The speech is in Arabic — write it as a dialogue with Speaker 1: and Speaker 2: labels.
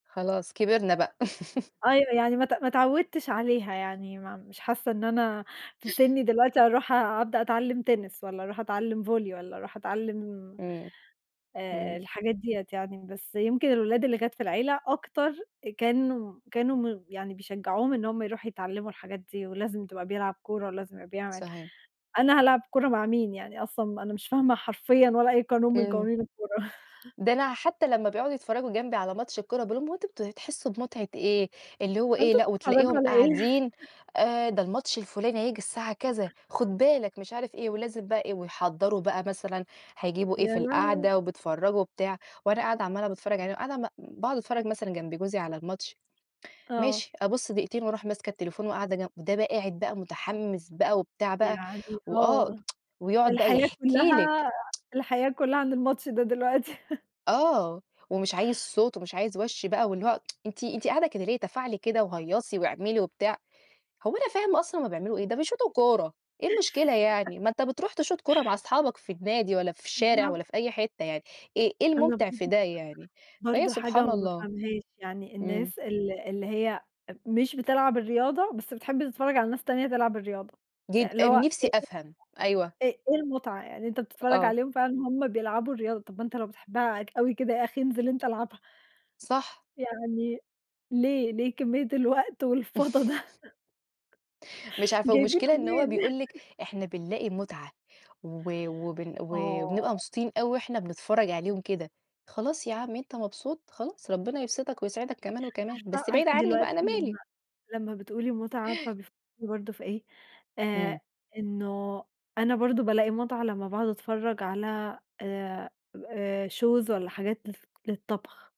Speaker 1: خلاص كبرنا بقى.
Speaker 2: أيوه يعني ما ت ما اتعوّدتش عليها يعني، ما مش حاسّة إن أنا في سِنّي دلوقتي أرُوح أبدأ أتعلّم تنس والّا أرُوح أتعلّم volley والّا أرُوح أتعلّم
Speaker 1: امم
Speaker 2: آآ،
Speaker 1: امم.
Speaker 2: الحاجات دِيّة يعني، بس يمكن الأولاد اللي كانت في العيلة أكتر، كانوا كانوا م يعني بيشجّعوهم إن هُم يرُوحوا يتعلّموا الحاجات دي ولازم تبقى بيلعب كورة ولازم يبقي بيعمل
Speaker 1: صحيح.
Speaker 2: أنا هالعب كورة مع مين؟ يعني أصلًا أنا مش فاهمة حرفيًا ولا أي قانون من
Speaker 1: امم.
Speaker 2: قوانين الكورة.
Speaker 1: ده أنا حتى لما بيقعُدوا يتفرّجوا جنبي على ماتش الكورة، باقول لهم: "هو أنتم بت تحسّوا بمتعة إيه؟" اللي هو
Speaker 2: هو
Speaker 1: إيه،
Speaker 2: أنتم
Speaker 1: لأ،
Speaker 2: بتتفرّجوا
Speaker 1: وتلاقيهم
Speaker 2: علي إيه؟
Speaker 1: قاعدين آآ، ده الماتش الفلاني هييجي الساعة كذا، خُد بالك، مش عارف إيه، ولازم بقى إيه، ويحضّروا بقى مثلًا هيجيبوا إيه
Speaker 2: يا
Speaker 1: في
Speaker 2: لهوي!
Speaker 1: القعدة وبيتفرّجوا وبتاع، وأنا قاعدة عَمّالة باتفرّج عليهم، قاعدة م باقعُد اتفرّج مثلًا جنب جوزي على الماتش،
Speaker 2: آه.
Speaker 1: ماشي، أبُص دقيقتين وأرُوح ماسكة التليفون وقاعدة جن ده بقى قاعد بقى متحمِّس بقى وبتاع بقى،
Speaker 2: يعني
Speaker 1: وآه
Speaker 2: آه،
Speaker 1: ويقعُد بقى
Speaker 2: الحياة
Speaker 1: يحكي لِك.
Speaker 2: كلّها، الحياة كلّها عَند الماتش ده دلوقتي.
Speaker 1: آه، ومش عايز صوت ومش عايز وَش بقى واللي هو "أنتِ أنتِ قاعدة كده ليه؟ تفاعلي كده وهيّصي واعملي." وبتاع. هو أنا فاهمة أصلًا هُم بيعملوا إيه؟ ده بيشوطوا كورة، إيه المشكلة يعني، ما أنت بترُوح تشوط كورة مع أصحابك في النادي والّا في الشارع والّا
Speaker 2: بالضبط.
Speaker 1: في أي حِتّة يعني، إيه إيه
Speaker 2: أنا
Speaker 1: الممتِع في
Speaker 2: برضه
Speaker 1: ده يعني؟ فهي
Speaker 2: برضه حاجة
Speaker 1: سبحان
Speaker 2: ما
Speaker 1: الله.
Speaker 2: بافهَمهاش، يعني
Speaker 1: امم.
Speaker 2: الناس ال اللي هي أ مش بتلعب الرياضة بس بتحب تتفرّج على ناس تانية تلعب الرياضة،
Speaker 1: جد
Speaker 2: اللي
Speaker 1: أ
Speaker 2: هو
Speaker 1: نِفسي أفهَم. أيوه.
Speaker 2: إيه [unintelligible] إ إيه المُتعة يعني؟ أنت
Speaker 1: أ
Speaker 2: بتتفرّج
Speaker 1: آه.
Speaker 2: عليهم فعلًا وهُم بيلعبوا الرياضة، طَب ما أنت لو بتحبها ك أوي كده يا أخي انزل أنت العبها.
Speaker 1: صح.
Speaker 2: يعني، ليه، ليه كمية الوقت والفَضا ده؟
Speaker 1: مش عارفة.
Speaker 2: جايبينه
Speaker 1: والمشكلة إن هو
Speaker 2: منين؟
Speaker 1: بيقول لِك إحنا بنلاقي مُتعة و وبن وبنبقى
Speaker 2: آه.
Speaker 1: مبسوطين أوي وإحنا بنتفرّج عليهم كده، خلاص يا عم أنت مبسوط، خلاص، ربنا يبسِطك ويسعِدك كمان وكمان،
Speaker 2: عارفة،
Speaker 1: بس بعيد
Speaker 2: عارفة
Speaker 1: عني
Speaker 2: دلوقتي
Speaker 1: بقى، أنا مالي!
Speaker 2: لما لما بتقولي متعة عارفة بيف برضه في إيه؟ آآ،
Speaker 1: امم.
Speaker 2: إن أنا برضه بلاقي متعة لما باقعد أتفرج على آآ، آآ shows والّا حاجات الف للطبخ.